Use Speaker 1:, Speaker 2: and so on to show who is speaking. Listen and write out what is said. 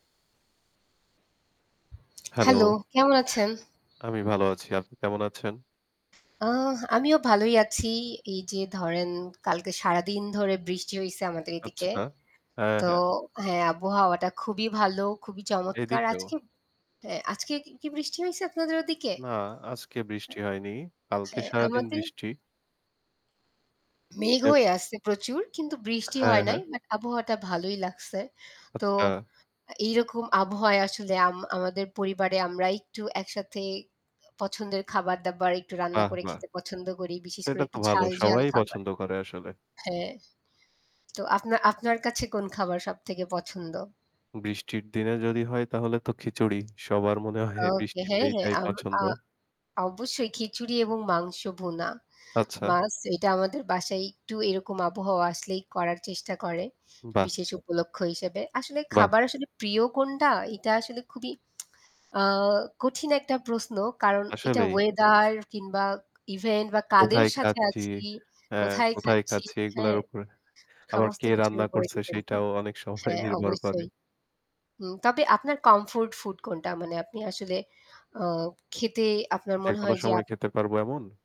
Speaker 1: Hello.
Speaker 2: Hello কেমন আছেন?
Speaker 1: আমি ভালো আছি। আপনি কেমন আছেন?
Speaker 2: আ আমিও ভালোই আছি। এই যে ধরেন কালকে সারাদিন ধরে বৃষ্টি হইছে আমাদের
Speaker 1: আচ্ছা,
Speaker 2: এদিকে।
Speaker 1: হ্যাঁ,
Speaker 2: তো
Speaker 1: হ্যাঁ।
Speaker 2: হ্যাঁ, আবহাওয়াটা খুবই ভালো খুবই চমৎকার
Speaker 1: এদিকেও।
Speaker 2: আজকে অ্যা আজকে কি কি বৃষ্টি হইছে আপনাদের ওদিকে?
Speaker 1: না, আজকে
Speaker 2: এ
Speaker 1: বৃষ্টি হয়নি, কালকে
Speaker 2: হ্যাঁ
Speaker 1: সারাদিন
Speaker 2: আমাদের
Speaker 1: বৃষ্টি
Speaker 2: মেঘ
Speaker 1: হ্যাঁ।
Speaker 2: হয়ে আছে প্রচুর কিন্তু বৃষ্টি
Speaker 1: হ্যাঁ,
Speaker 2: হয় নাই।
Speaker 1: হ্যাঁ।
Speaker 2: বাট আবহাওয়াটা ভালোই লাগছে। তো
Speaker 1: আচ্ছা।
Speaker 2: আ এইরকম আবহাওয়ায় আসলে আম আমাদের পরিবারে আমরা একটু একসাথে পছন্দের খাবার-দাবার একটু রান্না
Speaker 1: বাহ!
Speaker 2: করে
Speaker 1: বাহ!
Speaker 2: খেতে পছন্দ করি বিশেষ করে
Speaker 1: এটা তো
Speaker 2: একটু
Speaker 1: ভালো
Speaker 2: ঝাল-ঝাল
Speaker 1: সবাই
Speaker 2: খাবার।
Speaker 1: পছন্দ করে আসলে।
Speaker 2: হ্যাঁ, তো আপনা আপনার কাছে কোন খাবার সবথেকে পছন্দ?
Speaker 1: বৃষ্টির দিনে যদি হয় তাহলে তো খিচুড়ি, সবার মনে হয়
Speaker 2: ওকে,
Speaker 1: বৃষ্টিতে
Speaker 2: হ্যাঁ, হ্যাঁ।
Speaker 1: এইটাই
Speaker 2: আম আ
Speaker 1: পছন্দ।
Speaker 2: অবশ্যই খিচুড়ি এবং মাংস ভুনা,
Speaker 1: আচ্ছা।
Speaker 2: মাছ, এটা আমাদের বাসায় একটু এরকম আবহাওয়া আসলেই করার চেষ্টা করে
Speaker 1: বাহ!
Speaker 2: বিশেষ উপলক্ষ্য হিসেবে। আসলে
Speaker 1: বাহ!
Speaker 2: খাবার আসলে প্রিয় কোনটা এটা আসলে খুবই আ কঠিন একটা প্রশ্ন কারণ এটা
Speaker 1: আসলেই।
Speaker 2: ওয়েদার কিংবা ইভেন্ট বা কাদের
Speaker 1: কোথায়
Speaker 2: সাথে
Speaker 1: খাচ্ছি,
Speaker 2: আছি,
Speaker 1: এ
Speaker 2: কোথায়
Speaker 1: কোথায়
Speaker 2: খাচ্ছি।
Speaker 1: খাচ্ছি এগুলার
Speaker 2: হ্যাঁ?
Speaker 1: উপরে। আবার
Speaker 2: সমস্ত
Speaker 1: কে
Speaker 2: কিছুর
Speaker 1: রান্না
Speaker 2: উপরে
Speaker 1: করছে
Speaker 2: ডিপেন্ড
Speaker 1: সেইটাও
Speaker 2: করত
Speaker 1: অনেক সময়
Speaker 2: হ্যাঁ,
Speaker 1: নির্ভর করে।
Speaker 2: অবশ্যই। হুম, তবে আপনার কমফোর্ট ফুড কোনটা? মানে আপনি আসলে আ খেতে আপনার
Speaker 1: যে
Speaker 2: মনে
Speaker 1: কোনো
Speaker 2: হয় যে
Speaker 1: সময়
Speaker 2: আপ
Speaker 1: খেতে পারব এমন?